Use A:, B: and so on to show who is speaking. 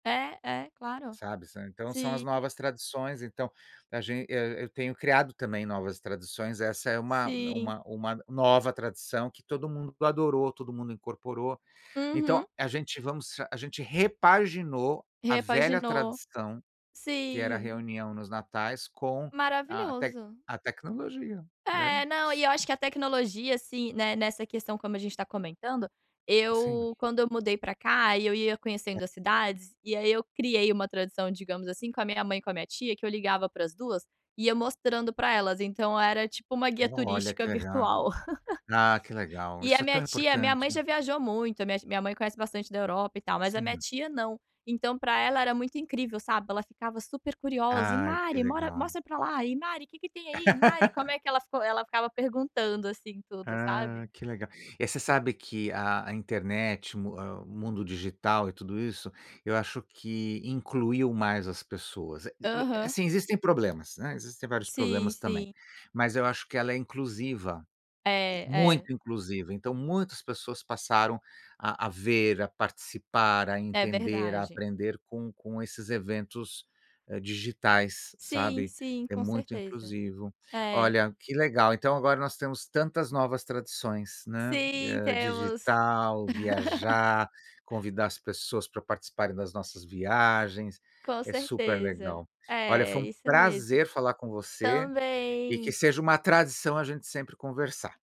A: É, é, claro.
B: Sabe, sa então são as
A: Sim.
B: novas tradições. Então a gen é, eu tenho criado também novas tradições. Essa é uma
A: Sim.
B: uma uma nova tradição que todo mundo adorou, todo mundo incorporou.
A: Uhum.
B: Então a gente vamos a gente repaginou a velha
A: Repaginou,
B: tradição que era a
A: sim.
B: reunião nos natais com a tec
A: Maravilhoso.
B: a tecnologia é,
A: É, não, e
B: sim.
A: eu acho que a tecnologia, assim, né, nessa questão como a gente tá comentando,
B: Sim.
A: eu quando eu mudei pra cá e eu ia
B: É
A: conhecendo as cidades, e aí eu criei uma tradição, digamos assim, com a minha mãe e com a minha tia, que eu ligava para as 2, ia mostrando pra elas, então era, tipo, uma guia
B: Olha
A: turística
B: que legal.
A: virtual.
B: Ah, que legal,
A: E
B: isso
A: a
B: é tão
A: minha tia minha
B: importante.
A: mãe já viajou muito, minha t minha minha mãe conhece bastante da Europa e tal mas, a minha
B: Sim.
A: tia não. Então pra ela era muito incrível, sabe. Ela ficava super curiosa e:
B: Ai, que
A: "Mari, mora
B: legal.
A: mostra pra lá, e Mari que que tem aí? Mari como é que" Ela ficou ela ficava perguntando, assim, tudo, sabe.
B: Ah, que legal. Eh, você sabe que a a internet, o mu a o mundo digital e tudo isso, eu acho que incluiu mais as pessoas. Eh eh eh,
A: Aham.
B: sim, existem problemas, né, existem vários
A: Sim,
B: problemas também,
A: sim.
B: mas eu acho que ela é inclusiva,
A: É, é.
B: muito inclusiva. Então muitas pessoas passaram a a ver, a participar, a
A: É
B: entender, a
A: verdade.
B: aprender com com esses eventos, eh, digitais,
A: Sim,
B: sabe.
A: sim,
B: É
A: com
B: muito
A: certeza.
B: inclusivo.
A: É.
B: Olha, que legal. Então agora nós temos tantas novas tradições, né,
A: Sim,
B: eh,
A: temos.
B: digital, viajar, convidar as pessoas pra participarem das nossas viagens.
A: Com
B: É super
A: certeza,
B: legal. Olha,
A: é,
B: foi um
A: isso mesmo.
B: prazer falar com você e que
A: Também.
B: seja uma tradição a gente sempre conversar.